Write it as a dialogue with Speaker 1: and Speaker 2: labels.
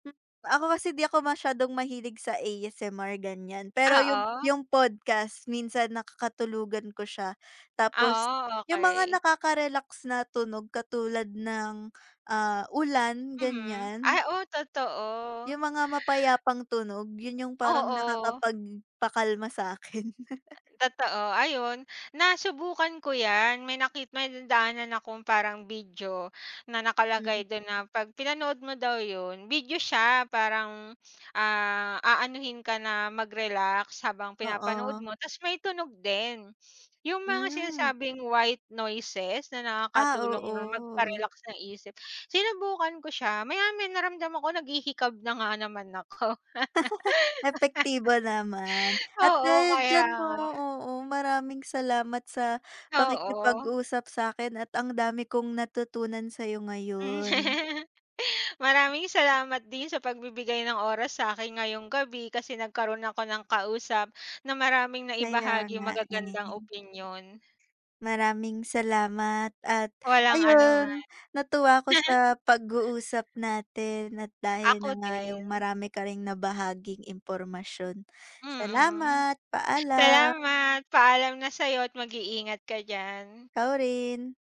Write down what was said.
Speaker 1: Ako kasi di ako masyadong mahilig sa ASMR ganyan, pero yung
Speaker 2: Oo.
Speaker 1: yung podcast minsan nakakatulugan ko siya. Tapos
Speaker 2: Oo,
Speaker 1: yung mga
Speaker 2: okey.
Speaker 1: nakaka-relax na tunog katulad ng, ah, ulan
Speaker 2: Mhm. Ay
Speaker 1: ganyan.
Speaker 2: oh,
Speaker 1: Yung
Speaker 2: totoo.
Speaker 1: mga mapayapang tunog yun yung parang
Speaker 2: Oo.
Speaker 1: nakakapag pakalma sa akin.
Speaker 2: Totoo ayun nasubukan ko yan, may nakit may nadaanan akong parang video na
Speaker 1: Hmm.
Speaker 2: nakalagay dun na pag pinanood mo daw yun, video siya, parang ah, aanuhin ka na mag-relax habang pinapanood
Speaker 1: Oo.
Speaker 2: mo tapos may tunog din. Yung mga
Speaker 1: Hmm.
Speaker 2: sinasabing white noises na
Speaker 1: Ah,
Speaker 2: nakakatulong na
Speaker 1: oo.
Speaker 2: magpa-relax ng isip, sinubukan ko siya maya-maya naramdam ako naghihikab na nga naman ako.
Speaker 1: Epektibo naman, at
Speaker 2: Oo
Speaker 1: dahil
Speaker 2: kaya
Speaker 1: diyan 'no,
Speaker 2: nga.
Speaker 1: oo, maraming salamat sa
Speaker 2: Oo.
Speaker 1: pakikipag-usap sa'kin at ang dami kong natutunan sa'yo
Speaker 2: Mm.
Speaker 1: ngayon.
Speaker 2: Maraming salamat din sa pagbibigay ng oras sa akin ngayong gabi, kasi nagkaroon ako ng kausap, na maraming
Speaker 1: Kaya
Speaker 2: naibahaging
Speaker 1: nga
Speaker 2: magagandang
Speaker 1: eh.
Speaker 2: opinyon.
Speaker 1: Maraming salamat at
Speaker 2: Walang anuman.
Speaker 1: ayun natuwa ako sa pag-uusap natin at dahil
Speaker 2: Ako
Speaker 1: na nga yung
Speaker 2: din.
Speaker 1: marami ka ring nabahaging impormasyon,
Speaker 2: Mm,
Speaker 1: salamat. Paalam.
Speaker 2: salamat paalam na sa'yo at mag-iingat ka diyan.
Speaker 1: Ikaw rin.